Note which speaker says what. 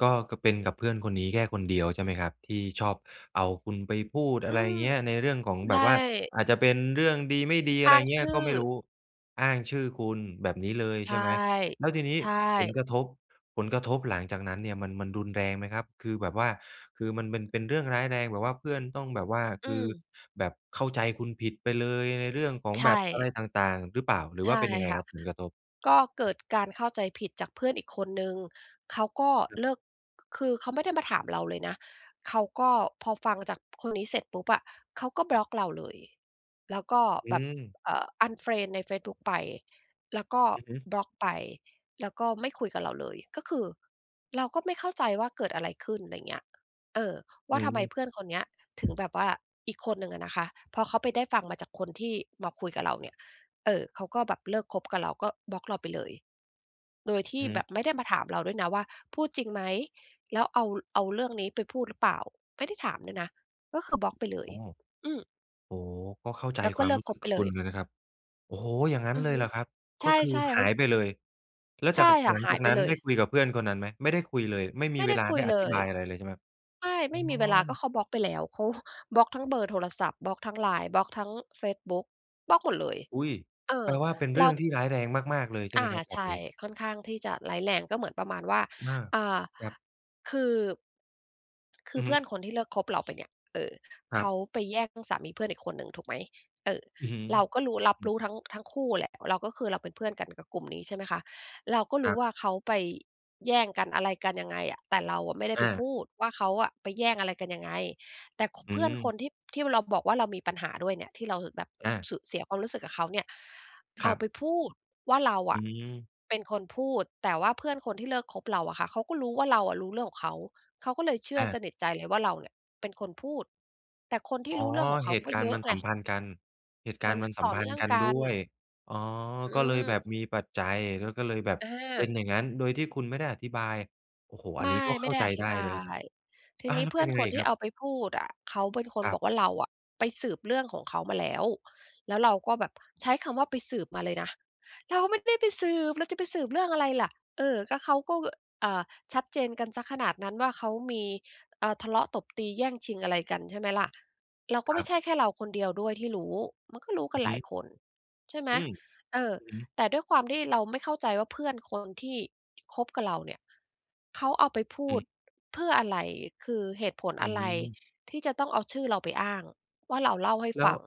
Speaker 1: ก็ ก็เป็นกับเพื่อนคนนี้แค่คนเดียว ใช่ไหมครับ ที่ชอบเอาคุณไปพูด
Speaker 2: อ
Speaker 1: อ
Speaker 2: ื
Speaker 1: ะไร
Speaker 2: อ
Speaker 1: เงี้ย ในเรื่องของ
Speaker 2: ใช
Speaker 1: แบ
Speaker 2: ่
Speaker 1: บว่า อาจจะเป็นเรื่องดีไม่ดี อะ
Speaker 2: อ
Speaker 1: ไร
Speaker 2: ้าง
Speaker 1: เงี้
Speaker 2: ช
Speaker 1: ย
Speaker 2: ื
Speaker 1: ก
Speaker 2: ่
Speaker 1: ็
Speaker 2: อ
Speaker 1: ไม่รู้ อ้างชื่อคุณแบบนี้เลย
Speaker 2: ใช
Speaker 1: ใช
Speaker 2: ่
Speaker 1: ่ไหม แล้วทีนี้
Speaker 2: ใช
Speaker 1: ผล
Speaker 2: ่
Speaker 1: กระทบ ผลกระทบหลังจากนั้นเนี่ยมัน มันรุนแรงไหมครับ คือแบบว่า คือมันเป็น เป็นเรื่องร้ายแรงแบบว่าเพื่อนต้องแบบว่า
Speaker 2: อ
Speaker 1: ค
Speaker 2: ื
Speaker 1: ือ
Speaker 2: ม
Speaker 1: แบบเข้าใจคุณผิดไปเลยในเรื่องของ
Speaker 2: ใช
Speaker 1: แบบอะไร
Speaker 2: ่
Speaker 1: ต่าง ๆ หรือเปล่า หรือ
Speaker 2: ใ
Speaker 1: ว
Speaker 2: ช
Speaker 1: ่าเ
Speaker 2: ่
Speaker 1: ป็นยังไง
Speaker 2: ค่
Speaker 1: ค
Speaker 2: ะ
Speaker 1: รับผลกระทบ?
Speaker 2: ก็เกิดการเข้าใจผิดจากเพื่อนอีกคนหนึ่ง เขาก็
Speaker 1: ครับ
Speaker 2: เลิก ค คือเขาไม่ได้มาถามเราเลยนะ เขาก็พอฟังจากคนนี้เสร็จปุ๊บอะ เขาก็บล็อกเราเลย แล้วก็
Speaker 1: อื
Speaker 2: แบบ
Speaker 1: ม
Speaker 2: เอ่อ อันเฟรนด์ในเฟซบุ๊กไป แล้วก็
Speaker 1: อือฮึ
Speaker 2: บล็อกไป แล้วก็ไม่คุยกับเราเลย ก็คือเราก็ไม่เข้าใจว่าเกิดอะไรขึ้น ไรเงี้ย เออ ว
Speaker 1: อื
Speaker 2: ่าทำไม
Speaker 1: ม
Speaker 2: เพื่อนคนเนี้ยถึงแบบว่า อีกคนหนึ่งอะนะคะ พอเขาไปได้ฟังมาจากคนที่มาคุยกับเราเนี่ย เออ เขาก็แบบเลิกคบกับเราก็บล็อกเราไปเลย โดยที
Speaker 1: อ
Speaker 2: ่
Speaker 1: ือฮ
Speaker 2: แบ
Speaker 1: ึ
Speaker 2: บไม่ได้มาถามเราด้วยนะว่าพูดจริงไหม แล้วเอา เอาเรื่องนี้ไปพูดหรือเปล่า ไม่ได้ถามด้วยนะก็คือบล็อกไปเล
Speaker 1: โอ
Speaker 2: ย
Speaker 1: ้
Speaker 2: อืม
Speaker 1: โอ้ ก็เข้าใจ
Speaker 2: แล้ว
Speaker 1: ค
Speaker 2: ก็
Speaker 1: วา
Speaker 2: เ
Speaker 1: ม
Speaker 2: ลิ
Speaker 1: ร
Speaker 2: ก
Speaker 1: ู้
Speaker 2: ค
Speaker 1: สึก
Speaker 2: บไป
Speaker 1: กับ
Speaker 2: เล
Speaker 1: คุ
Speaker 2: ย
Speaker 1: ณเลยนะครับ โอ้โฮ อย่างงั้น
Speaker 2: อื
Speaker 1: เ
Speaker 2: อ
Speaker 1: ล
Speaker 2: ฮ
Speaker 1: ย
Speaker 2: ึ
Speaker 1: เหรอครับ ก
Speaker 2: ใช
Speaker 1: ็
Speaker 2: ่
Speaker 1: คือ
Speaker 2: ๆ เ
Speaker 1: ห
Speaker 2: ข
Speaker 1: า
Speaker 2: า...
Speaker 1: ยไปเลย แล้ว
Speaker 2: ใ
Speaker 1: จ
Speaker 2: ช
Speaker 1: าก ห
Speaker 2: ่ค่ะ
Speaker 1: ลัง
Speaker 2: หา
Speaker 1: จา
Speaker 2: ย
Speaker 1: ก
Speaker 2: ไป
Speaker 1: นั้น
Speaker 2: เล
Speaker 1: ไ
Speaker 2: ย
Speaker 1: ด้คุยกับเพื่อนคนนั้นไหม? ไม่ได้คุยเลย ไม่ม
Speaker 2: ไ
Speaker 1: ี
Speaker 2: ม่
Speaker 1: เ
Speaker 2: ไ
Speaker 1: ว
Speaker 2: ด้
Speaker 1: ลา
Speaker 2: ค
Speaker 1: ไ
Speaker 2: ุ
Speaker 1: ด
Speaker 2: ย
Speaker 1: ้อ
Speaker 2: เล
Speaker 1: ธิบ
Speaker 2: ย
Speaker 1: ายอะไรเลยใช่ไหมครับ?
Speaker 2: ไม่ ไ
Speaker 1: อ
Speaker 2: ม
Speaker 1: ๋
Speaker 2: ่มีเวลาก็
Speaker 1: อ
Speaker 2: เขาบล็อกไปแล้ว เขาบล็อกทั้งเบอร์โทรศัพท์ บล็อกทั้ง LINE บล็อกทั้งเฟซบุ๊ก บล็อกหมดเลย
Speaker 1: อุ๊ย
Speaker 2: เอ
Speaker 1: แป
Speaker 2: อ
Speaker 1: ลว่าเป็นเร
Speaker 2: เร
Speaker 1: ื่
Speaker 2: า
Speaker 1: องที่ร้ายแรงมาก ๆ เลยใช่
Speaker 2: อ
Speaker 1: ไหม
Speaker 2: า
Speaker 1: ครับแบ
Speaker 2: ใช
Speaker 1: บ
Speaker 2: ่
Speaker 1: นี้?
Speaker 2: ค่อนข้างที่จะร้ายแรงก็เหมือนประมาณว่า
Speaker 1: อา
Speaker 2: อ่า
Speaker 1: ครับ
Speaker 2: คือ คื
Speaker 1: อื
Speaker 2: อ
Speaker 1: อ
Speaker 2: เ
Speaker 1: ฮ
Speaker 2: พ
Speaker 1: ึ
Speaker 2: ื่อนคนที่เลิกคบเราไปเนี่ย เอ่อ
Speaker 1: คร
Speaker 2: เ
Speaker 1: ั
Speaker 2: ขา
Speaker 1: บ
Speaker 2: ไปแย่งสามีเพื่อนอีกคนหนึ่ง ถูกไหม เออ
Speaker 1: อือฮึ
Speaker 2: เราก็รู้ รับ
Speaker 1: อื
Speaker 2: ร
Speaker 1: ม
Speaker 2: ู้ทั้ง ทั้งคู่แหละ เราก็คือเราเป็นเพื่อนกันกับกลุ่มนี้ ใช่ไหมคะ เราก็ร
Speaker 1: ค
Speaker 2: ู
Speaker 1: ร
Speaker 2: ้
Speaker 1: ับ
Speaker 2: ว่า เขาไปแย่งกัน อะไรกันยังไงอะ แต่เราอะไม่ได้
Speaker 1: อ
Speaker 2: ไปพ
Speaker 1: า
Speaker 2: ูดว่า เขาอะไปแย่งอะไรกันยังไง แต่ ค
Speaker 1: อื
Speaker 2: เพื่อนค
Speaker 1: ม
Speaker 2: นที่ ที่เราบอกว่า เรามีปัญหาด้วยเนี่ย ที่เราแบบ
Speaker 1: อา
Speaker 2: สึก เสียความรู้สึกกับเขาเนี่ย
Speaker 1: ค
Speaker 2: เอ
Speaker 1: รั
Speaker 2: าไ
Speaker 1: บ
Speaker 2: ปพูดว่าเรา
Speaker 1: อ
Speaker 2: อ
Speaker 1: ื
Speaker 2: ะ
Speaker 1: ม
Speaker 2: เป็นคนพูด แต่ว่าเพื่อนคนที่เลิกคบเราอะค่ะ เขาก็รู้ว่า เราอะรู้เรื่องของเขา เขาก็เลยเชื่อ
Speaker 1: อ
Speaker 2: ส
Speaker 1: า
Speaker 2: นิทใจเลยว่า เราเนี่ยเป็นคนพูด แต่คนที่
Speaker 1: อ๋อ
Speaker 2: รู้เรื่องของเข
Speaker 1: เห
Speaker 2: า
Speaker 1: ต
Speaker 2: ก
Speaker 1: ุ
Speaker 2: ็
Speaker 1: กา
Speaker 2: เ
Speaker 1: รณ
Speaker 2: ย
Speaker 1: ์
Speaker 2: อ
Speaker 1: มั
Speaker 2: ะ
Speaker 1: นส
Speaker 2: ไง
Speaker 1: ัมพันธ์กัน เหตุก
Speaker 2: ม
Speaker 1: า
Speaker 2: ั
Speaker 1: รณ
Speaker 2: น
Speaker 1: ์มันส
Speaker 2: ต
Speaker 1: ั
Speaker 2: ่
Speaker 1: ม
Speaker 2: อ
Speaker 1: พ
Speaker 2: เ
Speaker 1: ั
Speaker 2: นื
Speaker 1: นธ
Speaker 2: ่อ
Speaker 1: ์
Speaker 2: ง
Speaker 1: กัน
Speaker 2: ก
Speaker 1: ด
Speaker 2: ัน
Speaker 1: ้วย อ๋อ
Speaker 2: อื
Speaker 1: ก็เลยแบ
Speaker 2: ม
Speaker 1: บมีปัจจัย แล้วก็เลยแบบเป
Speaker 2: อ
Speaker 1: ็น
Speaker 2: า
Speaker 1: อย่างงั้น โดยที่คุณไม่ได้อธิบาย โอ้โฮ อ
Speaker 2: ไ
Speaker 1: ั
Speaker 2: ม
Speaker 1: นนี
Speaker 2: ่
Speaker 1: ้ก็
Speaker 2: ไม
Speaker 1: เข
Speaker 2: ่
Speaker 1: ้า
Speaker 2: ได้
Speaker 1: ใจ
Speaker 2: อธ
Speaker 1: ไ
Speaker 2: ิ
Speaker 1: ด
Speaker 2: บ
Speaker 1: ้เ
Speaker 2: า
Speaker 1: ลย
Speaker 2: ย ที
Speaker 1: อา
Speaker 2: นี้
Speaker 1: แล้
Speaker 2: เ
Speaker 1: ว
Speaker 2: พื
Speaker 1: เ
Speaker 2: ่
Speaker 1: ป็
Speaker 2: อ
Speaker 1: น
Speaker 2: น
Speaker 1: ยังไ
Speaker 2: ค
Speaker 1: ง
Speaker 2: น
Speaker 1: อี
Speaker 2: ท
Speaker 1: ก
Speaker 2: ี
Speaker 1: ค
Speaker 2: ่
Speaker 1: รั
Speaker 2: เ
Speaker 1: บ?
Speaker 2: อาไปพูดอะ เขาเป็นคน
Speaker 1: คร
Speaker 2: บ
Speaker 1: ับ
Speaker 2: อกว่า เราอะไปสืบเรื่องของเขามาแล้ว แล้วเราก็แบบ ใช้คำว่าไปสืบมาเลยนะ เราไม่ได้ไปสืบ เราจะไปสืยเรื่องอะไรล่ะ เออ ก็เขาก็ เอ่อ ชัดเจนกันเสียขนาดนั้นว่า เขามี อ่า ทะเลาะตบตีแย่งชิงอะไรกัน ใช่ไหมล่ะ เราก็
Speaker 1: ค
Speaker 2: ไม
Speaker 1: รั
Speaker 2: ่
Speaker 1: บ
Speaker 2: ใช่แค่เราคนเดียวด้วยที่รู้ มันก็รู้ก
Speaker 1: อ
Speaker 2: ั
Speaker 1: ื
Speaker 2: น
Speaker 1: อฮ
Speaker 2: หลาย
Speaker 1: ึ
Speaker 2: คน ใช่ไหม
Speaker 1: อืม
Speaker 2: เออ
Speaker 1: อือฮึ
Speaker 2: แต่ด้วยความที่เราไม่เข้าใจว่าเพื่อนคนที่คบกับเราเนี่ย เขาเอาไปพู
Speaker 1: อ
Speaker 2: ด
Speaker 1: ืม
Speaker 2: เพื่ออะไร คือเหตุผล
Speaker 1: อื
Speaker 2: อะไร
Speaker 1: ม
Speaker 2: ที่จะต้องเอาชื่อเราไปอ้างว่าเราเล่าให้
Speaker 1: แล
Speaker 2: ฟ
Speaker 1: ้ว
Speaker 2: ัง